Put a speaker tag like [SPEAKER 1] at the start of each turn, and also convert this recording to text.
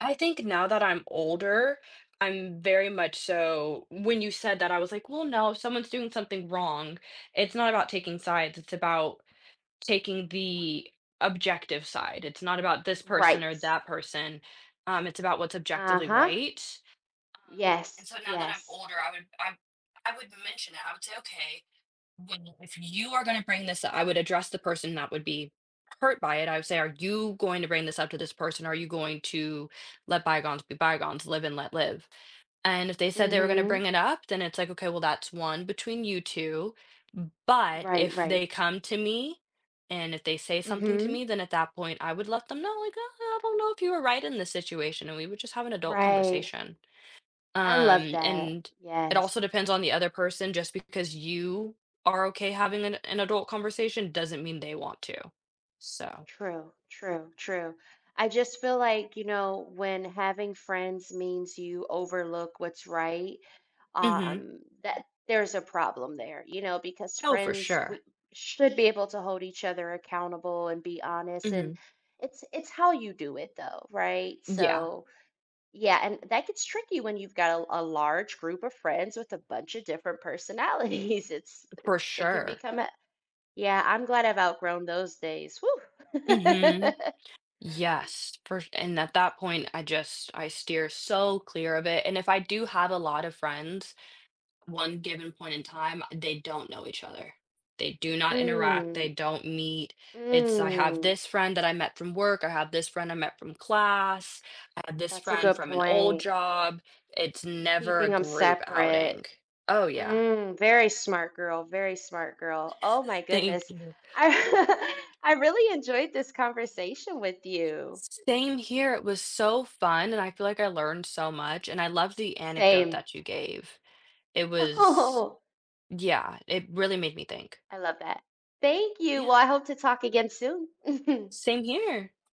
[SPEAKER 1] I think now that I'm older, I'm very much so when you said that, I was like, "Well, no, someone's doing something wrong. It's not about taking sides, it's about taking the objective side. It's not about this person
[SPEAKER 2] Right.
[SPEAKER 1] or that person, um, it's about what's objectively
[SPEAKER 2] Uh-huh.
[SPEAKER 1] right. Um,
[SPEAKER 2] Yes,
[SPEAKER 1] and so now that I'm
[SPEAKER 2] yes.
[SPEAKER 1] older, I would I I would mention it," I would say, "Okay, well if you are gonna to bring this up" I would address the person that would be hurt by it. I would say, "Are you going to bring this up to this person? Are you going to let bygones be bygones? Live and let live." And if they said they were going to
[SPEAKER 2] Mhm.
[SPEAKER 1] bring it up, then it's like, "Okay, well, that's one between you 2." But
[SPEAKER 2] Right,
[SPEAKER 1] if
[SPEAKER 2] right.
[SPEAKER 1] they come to me and if they say something to
[SPEAKER 2] Mhm.
[SPEAKER 1] me, then at that point, I would let them know, like, "Uh, I don't know if you were right in this situation," and we would just have an adult
[SPEAKER 2] Right.
[SPEAKER 1] conversation.
[SPEAKER 2] I love
[SPEAKER 1] Um,
[SPEAKER 2] that,
[SPEAKER 1] and it
[SPEAKER 2] yes.
[SPEAKER 1] also depends on the other person just because you are okay having an an adult conversation doesn't mean they want to. So
[SPEAKER 2] True, true, true. I just feel like, you know, when having friends means you overlook what's right,
[SPEAKER 1] Mhm.
[SPEAKER 2] um, that there's a problem there, you know, because
[SPEAKER 1] Oh, for
[SPEAKER 2] friends
[SPEAKER 1] sure.
[SPEAKER 2] we should be able to hold each other accountable and be honest, and
[SPEAKER 1] Mhm.
[SPEAKER 2] it's it's how you do it, though. Right?
[SPEAKER 1] Yeah.
[SPEAKER 2] So, yeah, and that gets tricky when you've got a a large group of friends with a buncha different personalities, it's
[SPEAKER 1] For
[SPEAKER 2] it can
[SPEAKER 1] sure.
[SPEAKER 2] become a Yeah, I'm glad I've outgrown those days, woah.
[SPEAKER 1] Mhm. Yes, fer and at that point, I just I steer so clear of it, and if I do have a lot of friends, one given point in time, they don't know each other. They do not interact, they
[SPEAKER 2] Mm.
[SPEAKER 1] don't meet. It's I have
[SPEAKER 2] Mm.
[SPEAKER 1] this friend that I met from work, I have this friend I met from class, I have this
[SPEAKER 2] That's a
[SPEAKER 1] friend
[SPEAKER 2] good
[SPEAKER 1] from an old
[SPEAKER 2] point.
[SPEAKER 1] job, it's never
[SPEAKER 2] Keeping
[SPEAKER 1] a
[SPEAKER 2] 'em
[SPEAKER 1] group
[SPEAKER 2] separate.
[SPEAKER 1] outing. Oh, yeah.
[SPEAKER 2] Mm, very smart girl, very smart girl, oh my
[SPEAKER 1] Thank
[SPEAKER 2] goodness.
[SPEAKER 1] you.
[SPEAKER 2] I I really enjoyed this conversation with you.
[SPEAKER 1] S same here, it was so fun, and I feel like I learned so much, and I love the anecdote
[SPEAKER 2] Same.
[SPEAKER 1] that you gave. It was
[SPEAKER 2] Oh.
[SPEAKER 1] yeah, it really made me think.
[SPEAKER 2] I love that. Thank you,
[SPEAKER 1] Yeah.
[SPEAKER 2] well, I hope to talk again soon.
[SPEAKER 1] Same here.